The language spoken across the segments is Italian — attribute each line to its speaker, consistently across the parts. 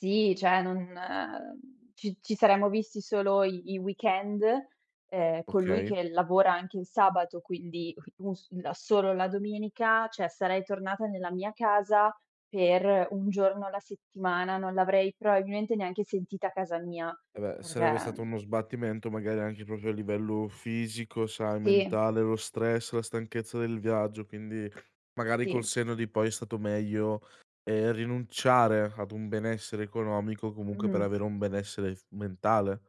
Speaker 1: Sì, cioè non ci ci saremmo visti solo i i weekend, ehm, con lui
Speaker 2: Okay.
Speaker 1: che lavora anche il sabato, quindi, u si da solo la domenica cioè, sarei tornata nella mia casa per un giorno alla settimana, non l'avrei probabilmente neanche sentita casa mia,
Speaker 2: Eh, beh, sarebbe stato uno
Speaker 1: perché
Speaker 2: sbattimento, magari, anche proprio a livello fisico, sai,
Speaker 1: Sì.
Speaker 2: mentale, lo stress, la stanchezza del viaggio, quindi, magari, col
Speaker 1: Sì.
Speaker 2: senno di poi, è stato meglio, ehm, rinunciare ad un benessere economico, comunque, per
Speaker 1: Mh.
Speaker 2: avere un benessere f mentale.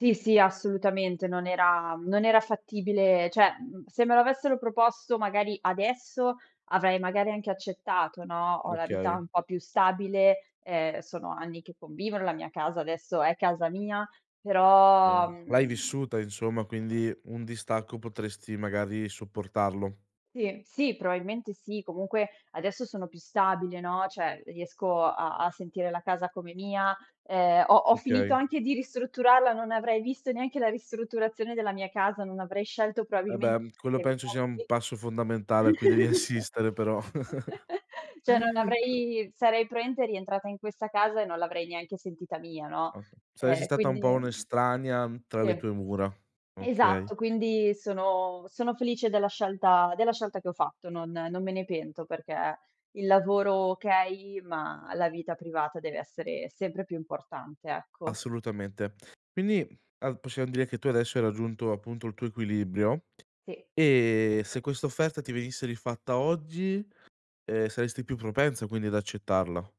Speaker 1: Sì, sì, assolutamente, non era non era fattibile cioè, mhmm, se me lo avessero proposto, magari, adesso, avrei, magari, anche accettato, no,
Speaker 2: N
Speaker 1: ho la vita
Speaker 2: okay.
Speaker 1: un po' più stabile, ehm, sono anni che convivo nella mia casa, adesso è casa mia, però,
Speaker 2: Sì, l'hai
Speaker 1: mhmm
Speaker 2: vissuta, insomma, quindi un distacco potresti, magari, sopportarlo.
Speaker 1: Sì, sì, probabilmente sì, comunque adesso sono più stabile, no, cioè, riesco a a sentire la casa come mia, ehm, ho ho finito
Speaker 2: Okay.
Speaker 1: anche di ristrutturarla, non avrei visto neanche la ristrutturazione della mia casa, non avrei scelto
Speaker 2: Eh,
Speaker 1: probabilmente
Speaker 2: beh, quello
Speaker 1: i
Speaker 2: penso sia un
Speaker 1: mobili
Speaker 2: passo fondamentale a cui devi assistere però.
Speaker 1: Cioè, non
Speaker 2: [unintelligible]
Speaker 1: avrei sarei probabilmente rientrata in questa casa e non l'avrei neanche sentita mia, no,
Speaker 2: Oka Saresti
Speaker 1: ehm,
Speaker 2: stata un po'
Speaker 1: quindi
Speaker 2: un'estranea, tra le
Speaker 1: Sì.
Speaker 2: tue mura, okay.
Speaker 1: Esatto, quindi sono sono felice della scelta della scelta che ho fatto. Non non me ne pento perché il lavoro okay, ma la vita privata deve essere sempre più importante, ecco.
Speaker 2: Assolutamente. Quindi, mhmm, a possiam dire che tu adesso hai raggiunto, appunto, il tuo equilibrio.
Speaker 1: Sì.
Speaker 2: E se questa offerta ti venisse rifatta oggi, ehm, saresti più propensa, quindi, ad accettarla.